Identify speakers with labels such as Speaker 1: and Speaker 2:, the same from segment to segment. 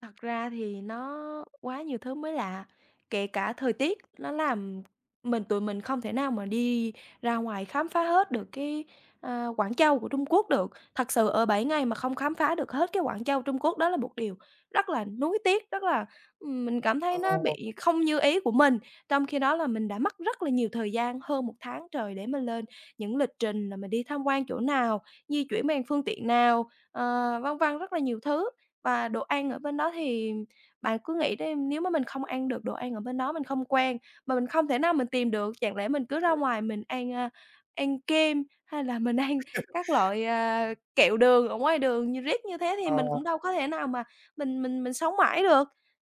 Speaker 1: Thật ra thì nó quá nhiều thứ mới lạ, kể cả thời tiết nó làm mình tụi mình không thể nào mà đi ra ngoài khám phá hết được cái, ơ, Quảng Châu của Trung Quốc được. Thật sự ở 7 ngày mà không khám phá được hết cái Quảng Châu Trung Quốc đó là một điều rất là nuối tiếc, rất là, ừm, mình cảm thấy nó
Speaker 2: Ồ.
Speaker 1: bị không như ý của mình. Trong khi đó là mình đã mất rất là nhiều thời gian, hơn 1 tháng trời để mình lên những lịch trình là mình đi tham quan chỗ nào, di chuyển bằng phương tiện nào, ờ, vân vân rất là nhiều thứ. Và đồ ăn ở bên đó thì bạn cứ nghĩ đi, nếu mà mình không ăn được đồ ăn ở bên đó, mình không quen, mà mình không thể nào mình tìm được, chẳng lẽ mình cứ ra ngoài mình ăn, a, ăn kem hay là mình ăn các loại, à, kẹo đường ở ngoài đường nh riết như thế thì mình
Speaker 2: Ờ.
Speaker 1: cũng đâu có thể nào mà mình mình mình sống mãi được.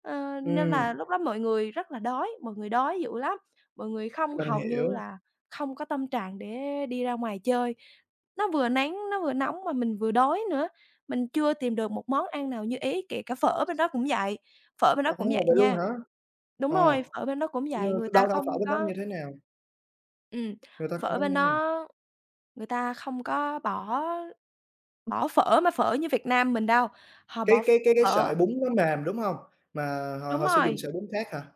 Speaker 1: Ờ, nên là
Speaker 2: Ừm.
Speaker 1: lúc đó mọi người rất là đói, mọi người đói dữ lắm, mọi người không
Speaker 2: Mình
Speaker 1: hầu như
Speaker 2: hiểu.
Speaker 1: là không có tâm trạng để đi ra ngoài chơi. Nó vừa nắng, nó vừa nóng mà mình vừa đói nữa, mình chưa tìm được một món ăn nào như ý, kể cả phở bên đó cũng vậy, phở bên đó cũng
Speaker 2: Ồ,
Speaker 1: vậy
Speaker 2: vậy luôn
Speaker 1: nha.
Speaker 2: hả?
Speaker 1: Đúng
Speaker 2: Ờ,
Speaker 1: rồi, phở bên đó cũng
Speaker 2: như
Speaker 1: vậy, người ta
Speaker 2: đâu, đâu
Speaker 1: không
Speaker 2: phở bên đó như
Speaker 1: có
Speaker 2: thế nào?
Speaker 1: Ừm,
Speaker 2: Người ta không
Speaker 1: phở
Speaker 2: có
Speaker 1: bên
Speaker 2: như nào?
Speaker 1: đó người ta không có bỏ bỏ phở mà phở như Việt Nam mình đâu, họ
Speaker 2: Cái
Speaker 1: bỏ ph
Speaker 2: cái cái cái
Speaker 1: phở
Speaker 2: sợi bún nó mềm, đúng hông? Mà họ
Speaker 1: Đúng
Speaker 2: họ sử dụng
Speaker 1: rồi.
Speaker 2: sợi bún khác hả?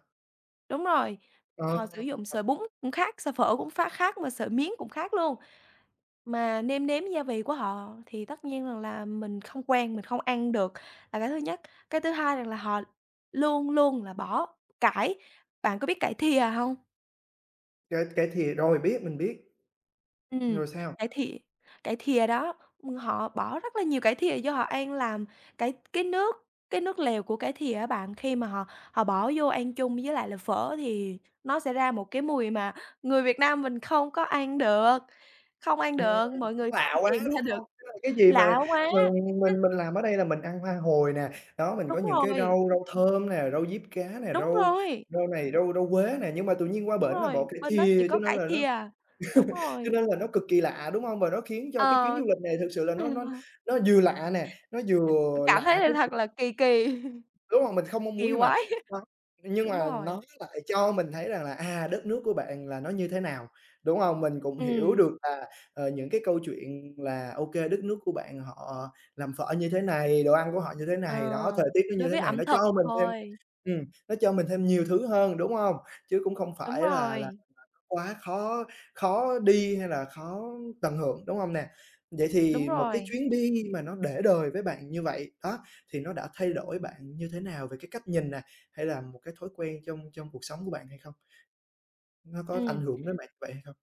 Speaker 1: Đúng rồi,
Speaker 2: Ờ.
Speaker 1: họ sử dụng sợi bún cũng khác sợi phở cũng ph khác mà sợi miến cũng khác luôn. Mà nêm nếm gia vị của họ thì tất nhiên rằng là mình không quen mình không ăn được là cái thứ nhất. Cái thứ hai rằng là họ luôn luôn là bỏ cải bạn có biết cải thìa hông?
Speaker 2: Cải cải thìa, rồi, biết, mình biết.
Speaker 1: Ừm,
Speaker 2: Rồi sao?
Speaker 1: cải thì cải thìa đó, ừm, họ bỏ rất là nhiều cải thìa vô họ ăn làm cải cái nước cái nước lèo của cải thìa á bạn. Khi mà họ họ bỏ vô ăn chung với lại là phở thì nó sẽ ra một cái mùi mà người Việt Nam mình không có ăn được, không ăn
Speaker 2: Ừm,
Speaker 1: được, mọi
Speaker 2: cũng
Speaker 1: người không
Speaker 2: lạ quá,
Speaker 1: tìm
Speaker 2: đúng
Speaker 1: ra được,
Speaker 2: hông? Tức là cái gì mà
Speaker 1: lạ quá.
Speaker 2: mà mình mình làm ở đây là mình ăn hoa hồi nè, đó, mình có
Speaker 1: Đúng
Speaker 2: những cái
Speaker 1: rồi.
Speaker 2: rau rau thơm nè, rau diếp cá nè,
Speaker 1: Đúng
Speaker 2: rau
Speaker 1: rồi.
Speaker 2: rau này, rau rau quế nè, nhưng mà tự nhiên qua
Speaker 1: Đúng
Speaker 2: bển là bỏ
Speaker 1: rồi,
Speaker 2: cải
Speaker 1: bên đó chỉ
Speaker 2: thìa cho
Speaker 1: có
Speaker 2: nên
Speaker 1: cải
Speaker 2: là nó
Speaker 1: thìa. Đúng
Speaker 2: cho
Speaker 1: rồi.
Speaker 2: nên là nó cực kỳ lạ, đúng hông? Và nó khiến cho cái chuyến
Speaker 1: Ờ.
Speaker 2: du lịch này thực sự là nó nó nó vừa lạ nè, nó vừa
Speaker 1: Cảm thấy
Speaker 2: lạ cái
Speaker 1: là thật
Speaker 2: [unintelligible]
Speaker 1: là kỳ kỳ.
Speaker 2: Đúng hông? Mình không mong muốn
Speaker 1: Kỳ
Speaker 2: nhưng mà
Speaker 1: quái.
Speaker 2: nó nhưng
Speaker 1: Đúng
Speaker 2: mà
Speaker 1: rồi.
Speaker 2: nó lại cho mình thấy rằng là, à, đất nước của bạn là nó như thế nào, đúng hông? Mình cũng hiểu
Speaker 1: Ừm.
Speaker 2: được là, ờ, những cái câu chuyện là, ô kê, đất nước của bạn họ làm phở như thế này, đồ ăn của họ như thế
Speaker 1: Ờ,
Speaker 2: này, đó, thời tiết nó
Speaker 1: đối
Speaker 2: như thế
Speaker 1: với
Speaker 2: này,
Speaker 1: ẩm
Speaker 2: nó
Speaker 1: thực
Speaker 2: cho mình thêm
Speaker 1: thôi.
Speaker 2: ừm, nó cho mình thêm nhiều thứ hơn, đúng hông? Chứ cũng không
Speaker 1: Đúng
Speaker 2: phải là là [unintelligible]
Speaker 1: rồi.
Speaker 2: quá khó khó đi hay là khó tận hưởng, đúng hông nè? Vậy
Speaker 1: Đúng
Speaker 2: thì một cái
Speaker 1: rồi.
Speaker 2: chuyến đi mà nó để đời với bạn như vậy đó thì nó đã thay đổi bạn như thế nào về cái cách nhìn nè, hay là một cái thói quen trong trong cuộc sống của bạn hay không? Nó có ảnh
Speaker 1: Ừm.
Speaker 2: hưởng đến bạn như vậy hay không?